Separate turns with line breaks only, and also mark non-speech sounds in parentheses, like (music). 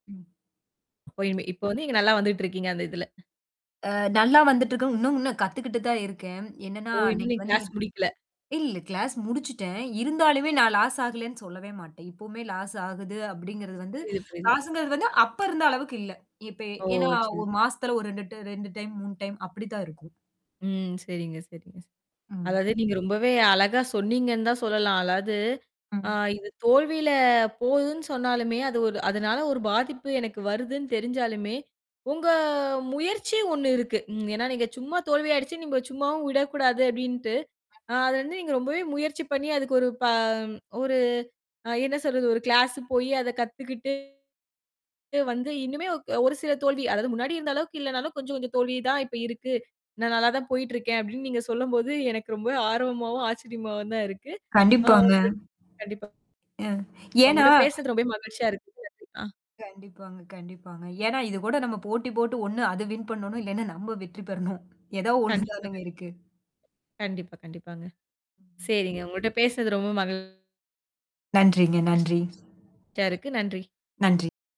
ம்.
இப்பயுமே, இப்ப வந்து நீங்க நல்லா வந்துட்டு இருக்கீங்க, அந்த இதுல.
ஆ, நல்லா வந்துட்டுருக்கு. இன்னும் இன்னும் கத்துக்கிட்டு தான் இருக்கேன். என்னன்னா,
ஓ! இன்னும்
இன்னைக்கு
நீங்க கிளாஸ்
வந்திர்
முடிக்கல.
இல்ல கிளாஸ் முடிச்சிட்டேன். இருந்தாலுமே நான் லாஸ் ஆகலேன்னு சொல்லவே மாட்டேன். இப்பவுமே லாஸ் ஆகுது அப்பிடிங்கிறது வந்து.
புரியுது, புரியுது.
லாஸ்ங்கிறது வந்து அப்ப இருந்த அளவுக்கு இல்ல. இப்ப
ஓ!
ஏன்னா,
சின்
ஒரு மாசத்துல ஒரு ரெண்டுட்டு 2 டைம், 3 டைம் அப்பிடி தான் இருக்கும்.
ம். சரிங்க, சரிங்க, சரிங்க.
ம்.
அதாவது நீங்க ரொம்பவே அழகா சொன்னீங்கன்னுதான் சொல்லலாம். அதாவது அ
ம்.
இது தோல்வியில போகுதுன்னு சொன்னாலுமே, அது ஒரு அதனால ஒரு பாதிப்பு எனக்கு வருதுன்னு தெரிஞ்சாலுமே, உங்க முயற்சி ஒண்ணு இருக்கு. ம் ஏன்னா, நீங்கச் சும்மா தோல்வியடஞ்சு நீங்கச் சும்மாவும் விடக் கூடாது அப்பிடின்னுட்டு, அ அத வந்து நீங்க ரொம்பவே முயற்சி பண்ணி அதுக்கொரு ப ஒரு அ என்ன சொல்றது? ஒரு கிளாஸ் போயி அதக் கத்துக்கிட்டு, வந்து இனிமே அ ஒரு சில தோல்வி. அதாவது முன்னாடி இருந்த அளவுக்கு இல்லன்னாலும் கொஞ்சம், கொஞ்சம் தோல்வி தான் இப்ப இருக்கு. நான் நல்லா தான் போயிட்டு இருக்கேன், அப்பிடின்னு நீங்கச் சொல்லும்போது எனக்கு ரொம்ப ஆர்வமாவும், ஆச்சரியமாவும் தான் இருக்கு. ஆ
கண்டிப்பாங்க.
உங்க கண்டிப்பா
ஏன் ஏன்னா
உங்கட்ட பேசினது ரொம்பவே மகிழ்ச்சியா இருக்கு. (unintelligible) அ
கண்டிப்பாங்க கண்டிப்பாங்க. ஏன்னா, இது கூட நம்ம போட்டி போட்டு ஒண்ணு அது வின் பண்ணனும் இல்லனா, நம்ம வெற்றி பெறணும். ஏதா
கண்டிப்பா,
ஒண்ணுதானங்க
கண்டிப்பா.
இருக்கு.
கண்டிப்பா, கண்டிப்பாங்க. சரிங்க, உங்கட்ட பேசினது ரொம்ப மகிழ்
நன்றிங்க, நன்றி.
சியா இருக்கு. நன்றி!
நன்றி.